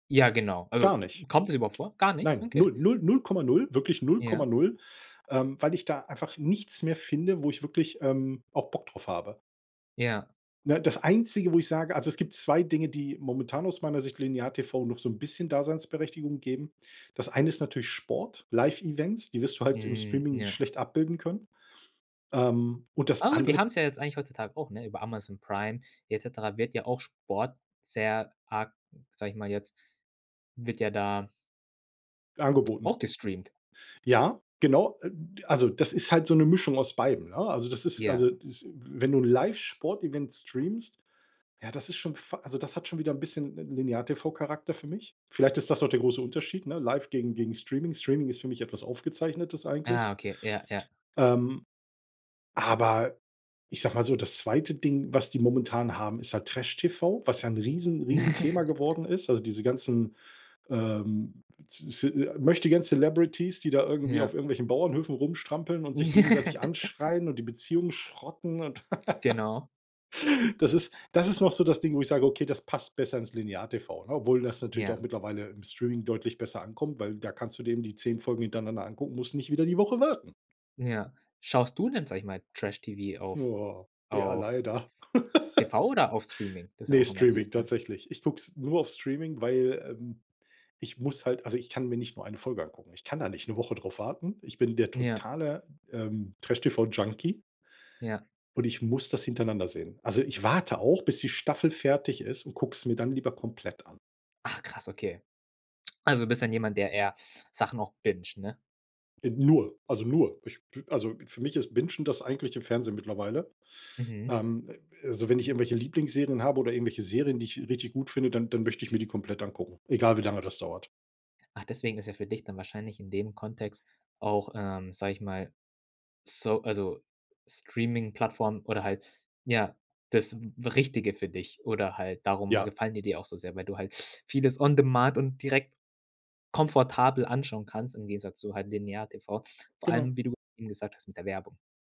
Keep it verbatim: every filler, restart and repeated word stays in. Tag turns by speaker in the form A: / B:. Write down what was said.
A: Ja, genau.
B: Gar
A: Also,
B: nicht. K
A: kommt es überhaupt vor? Gar nicht?
B: nein,
A: Okay.
B: null, null, null Komma null, wirklich null Komma
A: Ja.
B: null, ähm, weil ich da einfach nichts mehr finde, wo ich wirklich, ähm, auch Bock drauf habe.
A: Ja.
B: Ne, das Einzige, wo ich sage also, es gibt zwei Dinge, die momentan aus meiner Sicht Linear-TV noch so 'n bisschen Daseinsberechtigung geben. Das eine ist natürlich Sport, Live Events, die wirst du halt im
A: Mhm.
B: Streaming
A: Ja.
B: schlecht abbilden können. Ähm, und das
A: Au, die
B: andere
A: haben's ja jetzt eigentlich heutzutage auch, ne? Über Amazon Prime et cetera wird ja auch Sport sehr arg- sag ich mal jetzt- wird ja da
B: Angeboten.
A: auch gestreamt.
B: Ja, genau. Äh, d also das ist halt so 'ne Mischung aus beidem, ne? Also, das ist
A: Ja.
B: also, das wenn du 'n Live Sportevent streamst, ja, das ist schon fa also das hat schon wieder 'n bisschen 'n Linear-TV-Charakter für mich. Vielleicht ist das auch der große Unterschied, ne? Live gegen gegen Streaming. Streaming ist für mich etwas Aufgezeichnetes eigentlich.
A: Aha, okay. Ja, ja.
B: Ähm, aber ich sag mal so, das zweite Ding, was die momentan haben, ist halt Trash-TV, was ja 'n riesen Riesenthema geworden ist. Also diese ganzen, ähm, z z Möchtegern Celebrities, die da irgendwie auf
A: Ja.
B: irgendwelchen Bauernhöfen rumstrampeln und sich gegenseitig anschreien und die Beziehung schrotten und
A: Genau.
B: Das ist das ist noch so das Ding, wo ich sage: „Okay, das passt besser ins Linear TV“, ne, obwohl das natürlich auch
A: Ja.
B: mittlerweile im Streaming deutlich besser ankommt, weil da kannst du denen die zehn Folgen hintereinander angucken, musst nicht wieder die Woche warten.
A: Ja. Schaust du denn, sag ich mal, Trash-TV auf
B: Boah. Ja,
A: auf
B: leider.
A: TV oder auf Streaming? Das ist ja
B: Ne,
A: auch noch mal die
B: Streaming
A: Frag
B: tatsächlich. Ich guck's nur auf Streaming, weil, ähm ich muss halt, also ich kann mir nicht nur eine Folge angucken. Ich kann da nicht 'ne Woche drauf warten. Ich bin der
A: Ja.
B: totale, ähm, Trash-TV-Junkie
A: Ja.
B: und ich muss das hintereinander sehen. Also, ich warte auch, bis die Staffel fertig ist und gucke es mir dann lieber komplett an.
A: Ach krass, okay. Also, du bist dann jemand, der eher Sachen auch binged, ne?
B: Äh, nur, also nur. Ich b also für mich ist Bingen das eigentliche Fernsehen mittlerweile.
A: Mhm.
B: Ähm, also wenn ich irgendwelche Lieblingsserien habe oder irgendwelche Serien, die ich richtig gut finde, dann dann möchte ich mir die komplett angucken, egal wie lange das dauert.
A: Ach, deswegen ist ja für dich dann wahrscheinlich in dem Kontext auch, ähm, sag ich mal so also, Streamingplattformen oder halt ja, das Richtige für dich oder halt darum
B: Ja.
A: gefallen die dir auch so sehr, weil du halt vieles on demand und direkt komfortabel anschauen kannst im Gegensatz zu halt Linear-TV, vor
B: Genau.
A: allem, wie du eben gesagt hast, mit der Werbung.